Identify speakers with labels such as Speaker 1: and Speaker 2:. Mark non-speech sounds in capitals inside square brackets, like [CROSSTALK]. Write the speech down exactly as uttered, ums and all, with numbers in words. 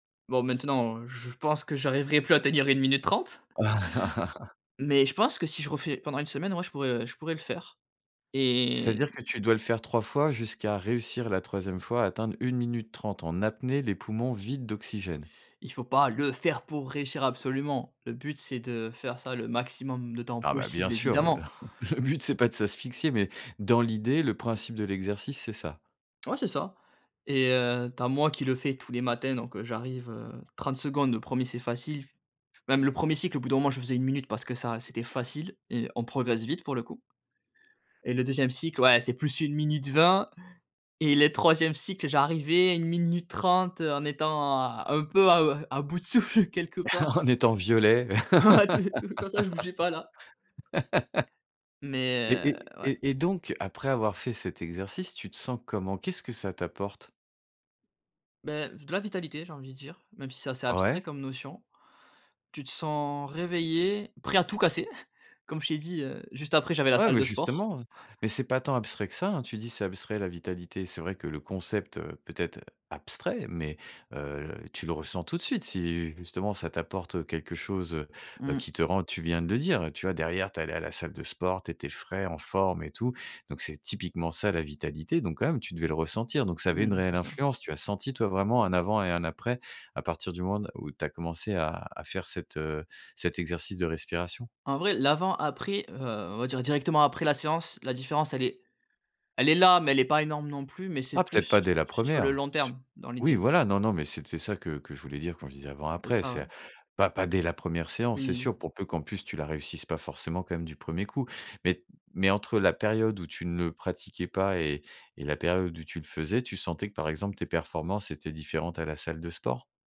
Speaker 1: Bon maintenant, heu, je pense que j'arriverai plus à tenir une minute trente,
Speaker 2: [LAUGHS]
Speaker 1: [SUCKS TEETH] mais je pense que si je refais pendant une semaine, ouais, je pourrais, je pourrais le faire, et
Speaker 2: C'est-à-dire que tu dois le faire trois fois, jusqu'à réussir la troisième fois à atteindre une minute trente, en apnée les poumons vides d'oxygène?
Speaker 1: Il faut pas le faire pour réussir absolument. Le but c'est de faire ça, le maximum de temps
Speaker 2: Non, bah, bien
Speaker 1: possible
Speaker 2: sûr, heu.
Speaker 1: évidemment.
Speaker 2: [LAUGHS] Le but c'est pas de s'asphyxier, mais dans l'idée, le principe de l'exercice, c'est ça?
Speaker 1: Ouais c'est ça et heu, tu as moi qui le fais tous les matins, donc heu, j'arrive, heu, trente secondes, le premier c'est facile. Même le premier cycle au bout d'un moment je faisais une minute parce que ça c'était facile et on progresse vite pour le coup et le deuxième cycle ouais, c'est plus une minute vingt et les troisièmes cycle, j'arrivais une minute trente, heu, en étant à un peu à, heu, à bout de souffle quelque part.
Speaker 2: [LAUGHS] En étant violet
Speaker 1: [LAUGHS] Tout tout comme ça je bougeais pas là.
Speaker 2: [LAUGHS]
Speaker 1: Mais,
Speaker 2: et
Speaker 1: heu,
Speaker 2: et
Speaker 1: ouais.
Speaker 2: et et donc après avoir fait cet exercice, tu te sens comment? Qu'est-ce que ça t'apporte?
Speaker 1: Bah, de la vitalité, j'ai envie de dire, même si ça c'est abstrait
Speaker 2: Ouais.
Speaker 1: comme notion. Tu te sens réveillé, prêt à tout casser. [CHUCKLES] Comme je t'ai dit, heu, juste après j'avais la
Speaker 2: Ouais,
Speaker 1: salle
Speaker 2: beh,
Speaker 1: de sport.
Speaker 2: justement, hein, mais c'est pas tant abstrait que ça, hein. Tu dis: «C'est abstrait, la vitalité». C'est vrai que le concept, heu, peut-être, heu, abstrait, mais heu, tu le ressens tout de suite. Si justement ça t'apporte, heu, quelque chose, heu,
Speaker 1: Mmh.
Speaker 2: qui te rend tu viens de le dire, tu vois? Derrière, tu es allé à la salle de sport, tu étais frais, en forme et tout, donc c'est typiquement ça la vitalité, donc quand même, tu devais le ressentir, donc ça avait une
Speaker 1: Mmh, c'est
Speaker 2: réelle
Speaker 1: ça.
Speaker 2: influence. Tu as senti toi vraiment un avant et un après, à partir du moment n où tu as commencé à à faire cet, heu, cet exercice de respiration?
Speaker 1: En vrai, l'avant-après, heu, on va dire directement après la séance, la différence elle est elle est là, mais elle est pas énorme, non plus, mais c'est
Speaker 2: Ah peut-être
Speaker 1: plus
Speaker 2: pas dès la
Speaker 1: sur le
Speaker 2: première.
Speaker 1: long
Speaker 2: Su
Speaker 1: terme, dans
Speaker 2: oui,
Speaker 1: l'idée.
Speaker 2: voilà, non, non, mais c'était ça, que que je voulais dire, quand je disais
Speaker 1: C'est
Speaker 2: avant-après.
Speaker 1: ça, ouais.
Speaker 2: C'est pas pas dès la première séance, c'est
Speaker 1: Oui.
Speaker 2: sûr, pour peu qu'en plus tu la réussisses pas forcément quand même du premier coup, mais- mais entre la période où tu ne le pratiquais pas et et la période où tu le faisais, tu sentais que, par exemple, tes performances étaient différentes à la salle de sport?